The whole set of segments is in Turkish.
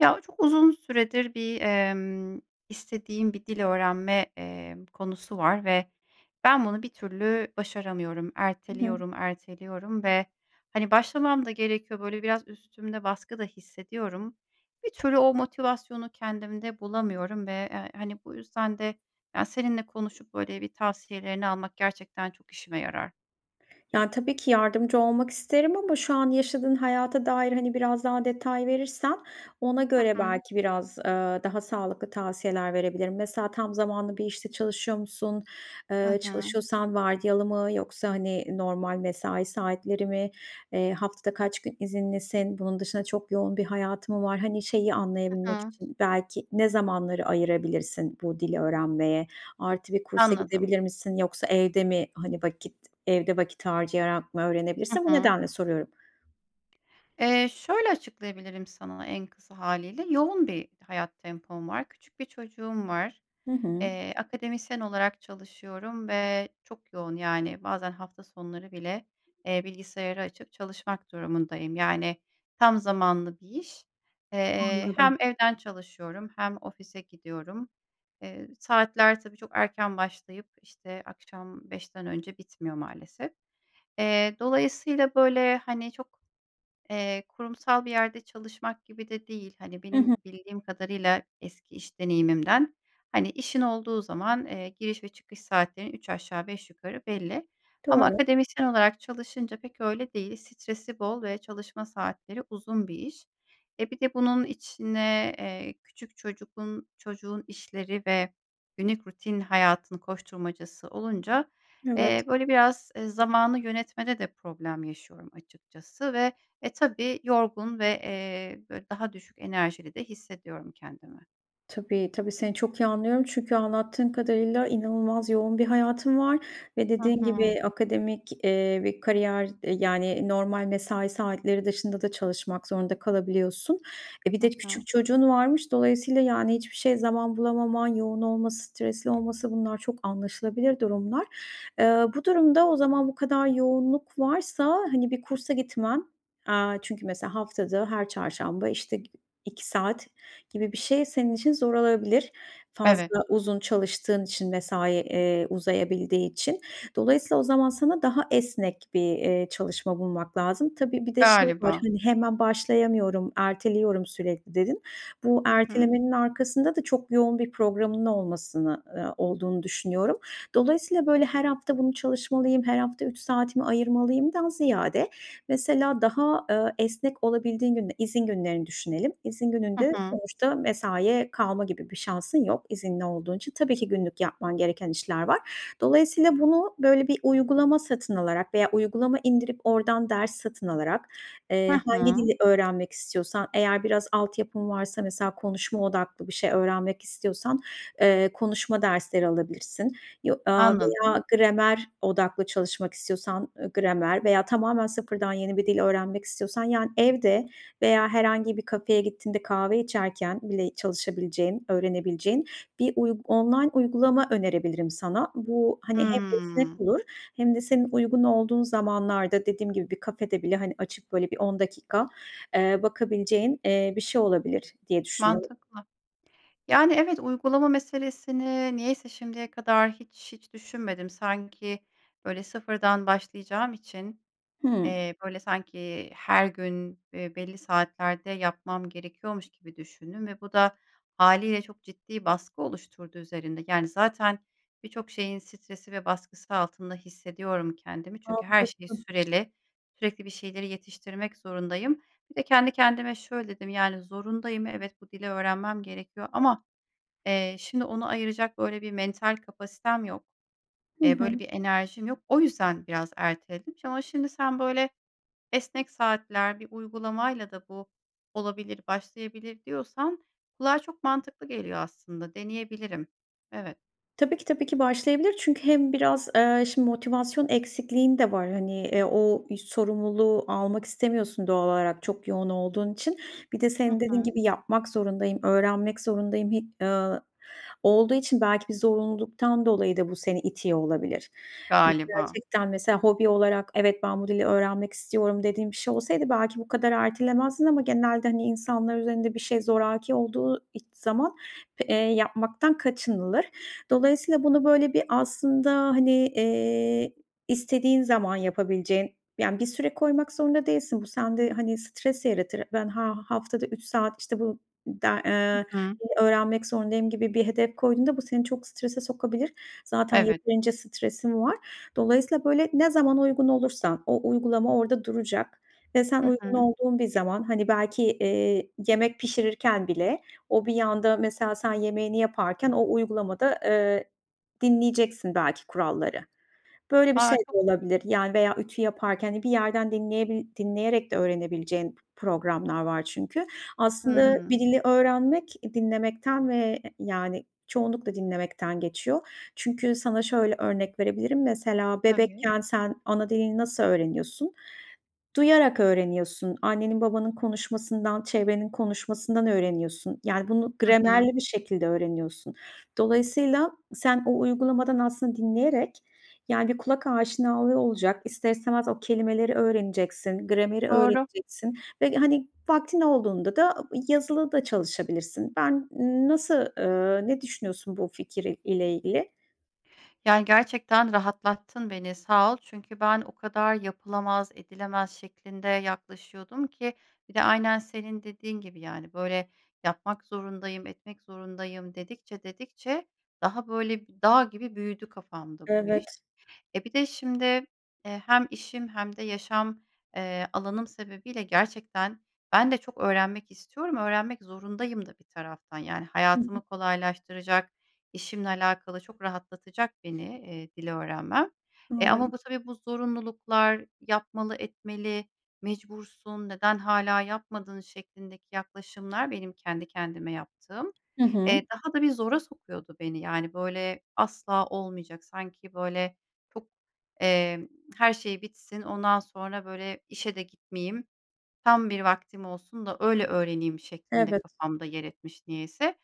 Ya, çok uzun süredir bir, emm, istediğim bir dil öğrenme, eee, konusu var ve ben bunu bir türlü başaramıyorum. I hı. Erteliyorum, erteliyorum ve, hani, başlamam da gerekiyor. Böyle biraz üstümde baskı da hissediyorum. Bir türlü o motivasyonu kendimde bulamıyorum ve h hani, bu yüzden de, ya, seninle konuşup böyle bir tavsiyelerini almak gerçekten çok işime yarar. Ya, tabii ki yardımcı olmak isterim ama şu an yaşadığın hayata dair, hani, biraz daha detay verirsen ona Hı göre hı. belki biraz, aaa, daha sağlıklı tavsiyeler verebilirim. Mesela, tam zamanlı bir işte çalışıyor musun? Hı Eee, hı. çalışıyorsan vardiyalı mı, yoksa, hani, normal mesai saatleri mi? Eee, haftada kaç gün izinlisin? Bunun dışında çok yoğun bir hayatın mı var? Hani, şeyi Hı anlayabilmek hı. için, belki, ne zamanları ayırabilirsin bu dili öğrenmeye? Artı, bir kursa Anladım. gidebilir misin, yoksa evde mi, hani, vakit, evde vakit harcayarak mı Hı öğrenebilirsin? Bu hı. nedenle soruyorum. Eee, şöyle açıklayabilirim sana en kısa hâliyle: Yoğun bir hayat tempom var. Küçük bir çocuğum var. Hı hı. Eee, akademisyen olarak çalışıyorum ve çok yoğun, yani, bazen hafta sonları bile, eee, bilgisayarı açıp çalışmak durumundayım. Yani, tam zamanlı bir iş. Eee, hem Anladım. evden çalışıyorum hem ofise gidiyorum. Eee, saatler, tabii, çok erken başlayıp, işte, akşam 17:00'ten önce bitmiyor maalesef. Eee, dolayısıyla, böyle, hani, çok, eee, kurumsal bir yerde çalışmak gibi de değil. Hani, I hı. benim bildiğim kadarıyla eski iş deneyimimden, hani, işin olduğu zaman, eee, giriş ve çıkış saatlerin üç aşağı beş yukarı belli ama Doğru. akademisyen olarak çalışınca pek öyle değil. Stresi bol ve çalışma saatleri uzun bir iş. E, bir de bunun içine, eee, küçük çocuğun, çocuğun işleri ve günlük rutin hayatın koşturmacası olunca, Evet. eee, böyle biraz zamanı yönetmede de problem yaşıyorum açıkçası ve, e, tabii, yorgun ve, eee, böyle, daha düşük enerjili de hissediyorum kendimi. Tabii, tabii, seni çok iyi anlıyorum, çünkü anlattığın kadarıyla inanılmaz yoğun bir hayatın var ve Hı dediğin hı. gibi akademik, eee, bir kariyer, eee, yani, normal mesai saatleri dışında da çalışmak zorunda kalabiliyorsun. E, bir Hı de hı. küçük çocuğun varmış. Dolayısıyla, yani, hiçbir şeye zaman bulamaman, yoğun olması, stresli olması bunlar çok anlaşılabilir durumlar. Eee, bu durumda, o zaman bu kadar yoğunluk varsa, hani, bir kursa gitmen, eee, çünkü mesela, haftada her çarşamba, işte, gi 2 saat gibi bir şey senin için zor olabilir, Evet. fazla uzun çalıştığın için, mesai, eee, uzayabildiği için. Dolayısıyla o zaman sana daha esnek bir, eee, çalışma bulmak lazım. Tabii, bir de şey var, Galiba. hani, hemen başlayamıyorum, erteliyorum sürekli dedin. Bu Hı hı. ertelemenin arkasında da çok yoğun bir programın olmasını eee, olduğunu düşünüyorum. Dolayısıyla böyle her hafta bunu çalışmalıyım, her hafta 3 saatimi ayırmalıyımdan ziyade, mesela, daha, ııı, esnek olabildiğin günde izin günlerini düşünelim. İzin Hı gününde hı. sonuçta mesaiye kalma gibi bir şansın yok, izinli olduğun için. Tabii ki günlük yapman gereken işler var. Dolayısıyla bunu böyle bir uygulama satın alarak veya uygulama indirip oradan ders satın alarak, Hı eee, hangi hı. dili öğrenmek istiyorsan, eğer biraz altyapın varsa, mesela, konuşma odaklı bir şey öğrenmek istiyorsan, eee, konuşma dersleri alabilirsin yo ııı, Anladım. veya gramer odaklı çalışmak istiyorsan, ııı, gramer veya tamamen sıfırdan yeni bir dil öğrenmek istiyorsan, yani, evde veya herhangi bir kafeye gittiğinde, kahve içerken bile çalışabileceğin, öğrenebileceğin bir uyg online uygulama önerebilirim sana. Bu, hani, hem Hımm. esnek olur hem de senin uygun olduğun zamanlarda, dediğim gibi, bir kafede bile, hani, açıp böyle bir 10 dakika, eee, bakabileceğin, eee, bir şey olabilir diye düşünüyorum. Mantıklı. Yani, evet, uygulama meselesini, niyeyse şimdiye kadar hiç hiç düşünmedim. Sanki böyle, sıfırdan başlayacağım için, Hıı. eee, böyle sanki her gün, eee, belli saatlerde yapmam gerekiyormuş gibi düşündüm ve bu da hâliyle çok ciddi baskı oluşturdu üzerinde. Yani, zaten birçok şeyin stresi ve baskısı altında hissediyorum kendimi. Çünkü her şey Haklısın. süreli, sürekli bir şeyleri yetiştirmek zorundayım. Bir de kendi kendime şöyle dedim, yani, zorundayım, evet, bu dili öğrenmem gerekiyor ama, eee, şimdi ona ayıracak böyle bir mental kapasitem yok. Hı Eee, böyle hı. bir enerjim yok. O yüzden biraz erteledim. Ama şimdi sen böyle esnek saatler, bir uygulamayla da bu olabilir, başlayabilir diyorsan kulağa çok mantıklı geliyor aslında. Deneyebilirim. Evet. Tabii ki, tabii ki başlayabilir. Çünkü hem biraz, eee, şim motivasyon eksikliğin de var. Hani, eee, o ü sorumluluğu almak istemiyorsun doğal olarak çok yoğun olduğun için. Bir de Hı senin dediğin hı. gibi, yapmak zorundayım, öğrenmek zorundayım, hi eee, olduğu için belki bir zorunluluktan dolayı da bu seni itiyor olabilir. Hani, Galiba. gerçekten, mesela, hobi olarak, evet, ben bu dili öğrenmek istiyorum dediğin bir şey olsaydı, belki bu kadar ertelemezdin ama genelde, hani, insanlar üzerinde bir şey zoraki olduğu iç zaman, eee, yapmaktan kaçınılır. Dolayısıyla bunu böyle bir aslında, hani, eee, istediğin zaman yapabileceğin, yani, bir süre koymak zorunda değilsin. Bu sende, hani, stres yaratır. Ben ha haftada 3 saat, işte, bu de Hı eee, hı. öğrenmek zorundayım gibi bir hedef koyduğunda bu seni çok strese sokabilir. Zaten Evet. yeterince stresin var. Dolayısıyla böyle ne zaman uygun olursan o uygulama orada duracak ve sen Hı uygun hı. olduğun bir zaman, hani, belki, eee, yemek pişirirken bile o bir yanda, mesela, sen yemeğini yaparken o uygulamada, eee, dinleyeceksin belki kuralları. Böyle bir şey de [unintelligible] olabilir, yani veya ütü yaparken, hani, bir yerden dinleyebi dinleyerek de öğrenebileceğin programlar var çünkü. Aslında bir Hımm. dili öğrenmek dinlemekten ve, yani, çoğunlukla dinlemekten geçiyor. Çünkü sana şöyle örnek verebilirim. Mesela Tabii. bebekken sen ana dilini nasıl öğreniyorsun? Duyarak öğreniyorsun. Annenin, babanın konuşmasından, çevrenin konuşmasından öğreniyorsun. Yani, bunu Hı hı. gramerli bir şekilde öğreniyorsun. Dolayısıyla sen o uygulamadan aslında dinleyerek, yani, bir kulak aşinalığı olacak, ister istemez o kelimeleri öğreneceksin, grameri Doğru. öğreneceksin ve, hani, vaktin olduğunda da yazılı da çalışabilirsin. Ben nasıl, eee, ne düşünüyorsun bu fikir ile ilgili? Yani, gerçekten rahatlattın beni, sağ ol. Çünkü ben o kadar yapılamaz, edilemez şeklinde yaklaşıyordum ki. Bir de aynen senin dediğin gibi, yani, böyle yapmak zorundayım, etmek zorundayım dedikçe, dedikçe daha böyle bir dağ gibi büyüdü kafamda bu iş. Evet. Eee, bir de şimdi, eee, hem işim hem de yaşam, eee, alanım sebebiyle gerçekten ben de çok öğrenmek istiyorum. Öğrenmek zorundayım da bir taraftan. Yani, Hı hı. hayatımı kolaylaştıracak, işimle alakalı çok rahatlatacak beni, eee, dil öğrenmem. E, Anladım. ama bu tabii, bu zorunluluklar, yapmalı, etmeli, mecbursun, neden hâlâ yapmadın şeklindeki yaklaşımlar, benim kendi kendime yaptığım, Hı hı. eee, daha da bir zora sokuyordu beni. Yani, böyle asla olmayacak, sanki böyle çok, emm, her şey bitsin, ondan sonra, böyle, işe de gitmeyeyim, tam bir vaktim olsun da öyle öğreneyim şeklinde Evet. kafamda yer etmiş niyeyse.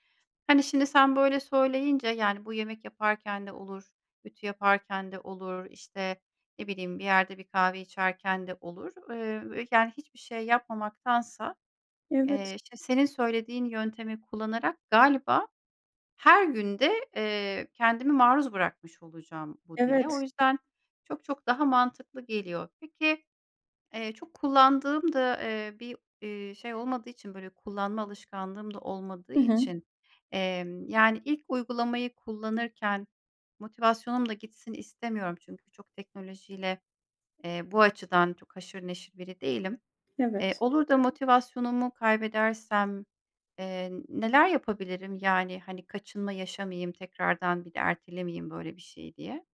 Hani, şimdi sen böyle söyleyince, yani, bu yemek yaparken de olur, ütü yaparken de olur, işte, ne bileyim, bir yerde bir kahve içerken de olur. Eee, yani, hiçbir şey yapmamaktansa, Evet. eee, işte, senin söylediğin yöntemi kullanarak galiba her gün de, eee, kendimi maruz bırakmış olacağım bu dile. O Evet. yüzden çok çok daha mantıklı geliyor. Peki, eee, çok kullandığım da, eee, bir, ııı, şey olmadığı için, böyle kullanma alışkanlığım da olmadığı I hı. için, emm, yani, ilk uygulamayı kullanırken motivasyonum da gitsin istemiyorum. Çünkü çok teknolojiyle, eee, bu açıdan çok haşır neşir biri değilim. Eee, Evet. olur da motivasyonumu kaybedersem, eee, neler yapabilirim? Yani, hani, kaçınma yaşamayayım tekrardan, bir de ertelemeyeyim böyle bir şeyi diye.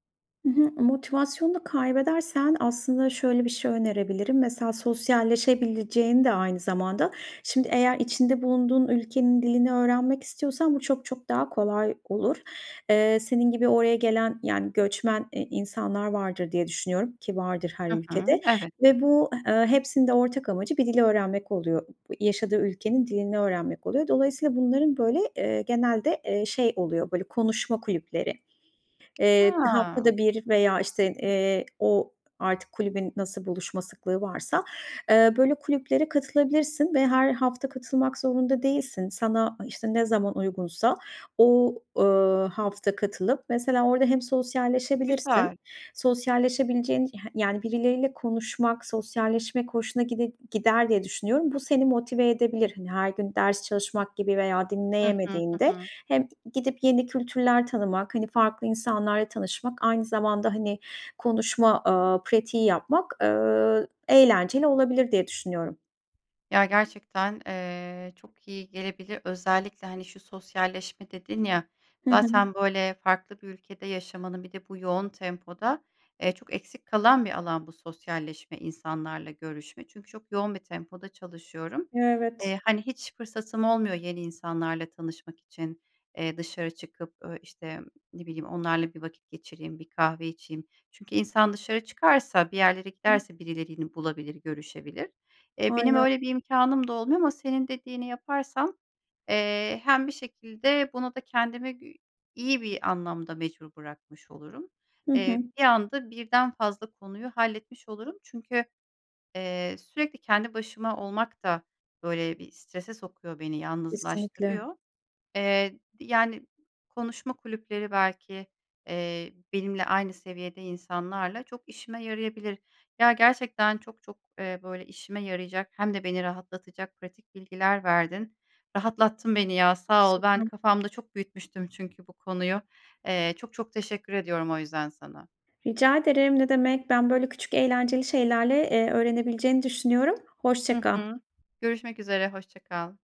Hı hı. Motivasyonunu kaybedersen aslında şöyle bir şey önerebilirim. Mesela sosyalleşebileceğin de aynı zamanda. Şimdi eğer içinde bulunduğun ülkenin dilini öğrenmek istiyorsan bu çok çok daha kolay olur. Eee, senin gibi oraya gelen, yani, göçmen, eee, insanlar vardır diye düşünüyorum ki vardır, her Hı hı. ülkede Evet. ve bu, eee, hepsinin de ortak amacı, bir dil öğrenmek oluyor, yaşadığı ülkenin dilini öğrenmek oluyor. Dolayısıyla bunların böyle, eee, genelde, eee, şey oluyor, böyle konuşma kulüpleri. Eee, Ha. haftada bir veya işte, eee, o artık kulübün nasıl buluşma sıklığı varsa, eee, böyle kulüplere katılabilirsin ve her hafta katılmak zorunda değilsin. Sana işte, ne zaman uygunsa o, ııı, hafta katılıp, mesela orada hem sosyalleşebilirsin, Güzel. sosyalleşebileceğin ya yani, birileriyle konuşmak, sosyalleşmek hoşuna gide gider diye düşünüyorum. Bu seni motive edebilir. Hani, her gün ders çalışmak gibi veya Hı hı. Hı dinleyemediğinde hı. hem gidip yeni kültürler tanımak, hani farklı insanlarla tanışmak, aynı zamanda, hani, konuşma, aaa, pratiği yapmak, eee, eğlenceli olabilir diye düşünüyorum. Ya, gerçekten, eee, çok iyi gelebilir. Özellikle, hani, şu sosyalleşme dedin ya, Hı hı. zaten böyle farklı bir ülkede yaşamanın, bir de bu yoğun tempoda, eee, çok eksik kalan bir alan bu sosyalleşme, insanlarla görüşme. Çünkü çok yoğun bir tempoda çalışıyorum. Evet. Eee, hani, hiç fırsatım olmuyor yeni insanlarla tanışmak için, eee, dışarı çıkıp, eee, işte ne bileyim onlarla bir vakit geçireyim, bir kahve içeyim. Çünkü insan dışarı çıkarsa, bir yerlere Ih giderse birilerini bulabilir, görüşebilir. Eee, benim Aynen. öyle bir imkânım da olmuyor ama senin dediğini yaparsam, eee, hem bir şekilde bunu da kendimi iyi bir anlamda mecbur bırakmış olurum. Hı Eee, hı. bir anda birden fazla konuyu halletmiş olurum. Çünkü, eee, sürekli kendi başıma olmak da böyle bir strese sokuyor beni, Kesinlikle. yalnızlaştırıyor. Eee, yani, konuşma kulüpleri belki, eee, benimle aynı seviyede insanlarla çok işime yarayabilir. Ya, gerçekten çok çok, eee, böyle işime yarayacak hem de beni rahatlatacak pratik bilgiler verdin. Rahatlattın beni, ya, sağ ol. Ben [unintelligible] kafamda çok büyütmüştüm çünkü bu konuyu. Eee, çok çok teşekkür ediyorum o yüzden sana. Rica ederim, ne demek ben böyle küçük eğlenceli şeylerle, eee, öğrenebileceğini düşünüyorum. Hoşça Hı kal. hı. Görüşmek üzere hoşça kal.